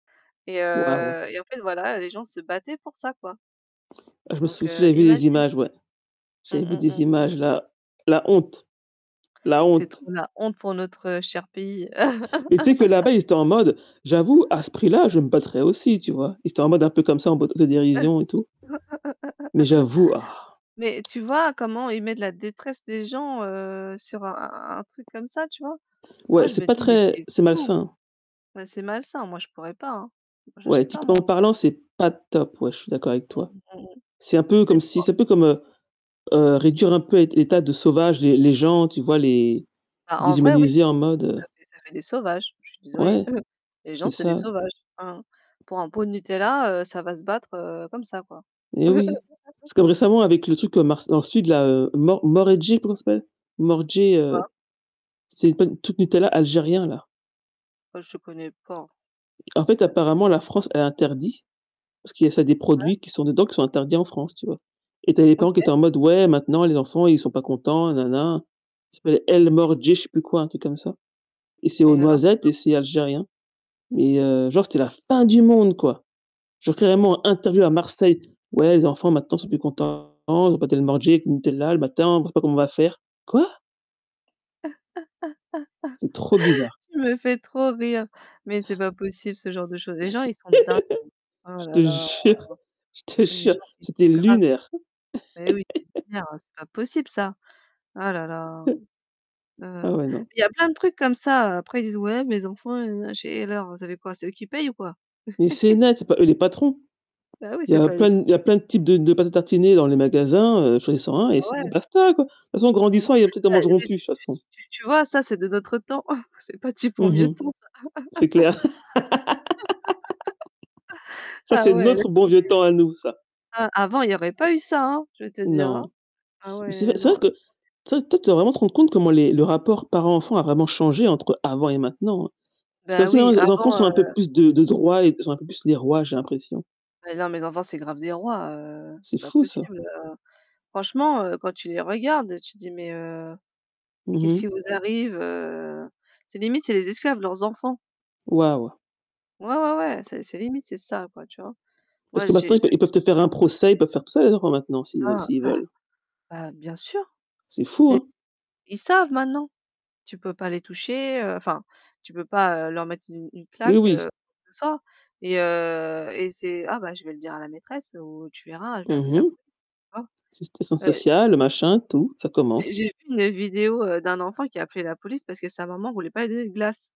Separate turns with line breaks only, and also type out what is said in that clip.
Et,
Waouh.
heu, et en fait voilà, les gens se battaient pour ça, quoi.
Je me
Donc,
souviens,
heu,
j'avais des
imagine.
images, ouais.
Mmh,
J'avais vu
mmh,
des
mmh.
images là, la honte, la
C'est
honte.
trop la honte pour notre cher pays.
Mais tu sais que là-bas, ils étaient en mode: «J'avoue, à ce prix-là, je me battrais aussi», tu vois? Ils étaient en mode un peu comme ça en mode auto-dérision et tout. Mais j'avoue.
Mais tu vois comment ils mettent la détresse des gens, heu, sur un un truc comme ça tu vois? Moi
Ouais,
je
c'est
me
pas
dis: «Mais
très
c'est
c'est
fou»,
malsain.
bah, c'est malsain, moi je pourrais pas, hein. Moi
Ouais,
j'achète pas
éthiquement
moi, un truc comme
parlant,
ça.
c'est pas top. Ouais, je suis d'accord avec
Mmh,
toi.
mmh, mmh,
C'est un peu comme
mmh.
si
[unintelligible]
c'est un peu comme, heu heu, réduire un peu l'ét état de sauvage les les gens, tu vois, les
Bah, en vrai oui,
déshumaniser,
c'est
en
des s ça
mode
fait des ça fait des sauvages, je suis désolée.
Ouais,
Les
c'est
gens c'est des
ça.
sauvages, hein. Pour un pot de Nutella, heu, ça va se battre, heu, comme ça, quoi.
Eh oui, c'est comme récemment avec le truc que Mars ensuite là, Mor Mordjene, comment ça s'appelle? Mordjene,
C'est quoi?
heu. C'est pas le truc Nutella, algérien, là.
Ben, je connais pas.
En fait
Ca me dit rien.
apparemment la France elle interdit, parce qu'il y a c'est des
Ouais.
produits qui sont dedans, qui sont interdits en France, tu vois. Et tu as des
OK.
parents qui étaient en mode: «Ouais maintenant les enfants ils sont pas contents, et na na». Ca s'appelle El
[unintelligible]
Mordje je sais plus quoi, un truc comme ça. Et c'est aux
Et alors, c'est
noisettes et c'est
[unintelligible]
algérien. Et heu, genre c'était la fin du monde, quoi. Genre carrément interview à Marseille: «Ouais, les enfants maintenant ils sont
Mmh.
plus contents, ils ont pas d'El Mordjene avec le Nutella le matin, on sait pas comment on va faire». Quoi? C'est trop bizarre.
Tu me fais trop rire, mais c'est pas possible ce genre de choses. Les gens ils sont dingues. Oh
Je
là
te
là.
jure, je te
Les
jure,
gens ils
c'était
sont graves.
lunaire.
Mais, oui, c'est clair, hein, c'est pas possible ça. Oh là là.
Ah
Heu,
ouais non.
il y a plein de trucs comme ça. Après ils disent: «Ouais, mes enfants nanana», je fais: «Et alors, vous avez quoi? C'est eux qui payent ou quoi?»
Mais c'est net, c'est pas eux les patrons.
Bah oui,
Il y
c'est
a
pas les
plein d
[unintelligible]
il y a plein de types de de pâtes à tartiner dans les magasins, choisis-en un
Bah
et c'est
ouais.
basta, quoi. Toute façon en
Mmh.
grandissant, il y a peut-être ils en
Bah,
mangeront
mais c
plus,
c
de toute façon.
tu tu vois, ça, c'est de notre temps. C'est pas du bon
Mmh
vieux
mh.
temps, ça.
C'est clair. Ça,
Ah
c'est
ouais, laisse
notre bon vieux
tomber.
temps à nous ça.
Ah, avant il y aurait pas eu ça, hein, je vais te dire, hein.
Non.
Ah
Mais c'est vrai
ouais,
c'est
non,
vrai que,
laisse
tu
tomber.
sais, toi, tu dois vraiment te rendre compte comment les le rapport parent-enfant a vraiment changé entre avant et maintenant, hein. C'est
Beh,
comme si, maintenant
oui,
les en les enfants
avant,
sont un peu
heu
plus de de droits et sont un peu plus les rois, j'ai l'impression.
Mais non les enfants, c'est grave des rois, heu,
C'est
c'est pas
fou ça.
possible, heu, franchement, heu, quand tu les regardes, tu te dis: «Mais, heu, mais
Mmh
qu'est-ce qui
mh.
vous arrive?» Heu, c'est limite, c'est les esclaves, leurs enfants.
Waouh.
Ouais, ouais, ouais, c'est c'est limite, c'est ça, quoi, tu vois.
Parce
Moi
que
j'ai
maintenant, ils peu
j'ai
ils peuvent te faire un procès, ils peuvent faire tout ça les enfants maintenant s'ils veu
Ah,
s'ils
bah,
veulent.
bah, bien sûr,
C'est fou,
[unintelligible]
hein?
ils savent maintenant. Tu peux pas les toucher enfin, tu peux pas, heu, leur mettre une une
Oui
claque, heu
oui.
ou quoi que ce soit, et heu et c'est: «Ah bah je vais le dire à la maîtresse» ou «Tu verras, je vais
Mmh
appeler la
mh.
police».
Ass assistante
[unintelligible]
sociale, machin, tout, ça
J'ai
commence.
j'ai vu une vidéo, heu, d'un enfant qui appelait la police parce que sa maman voulait pas lui donner de glace.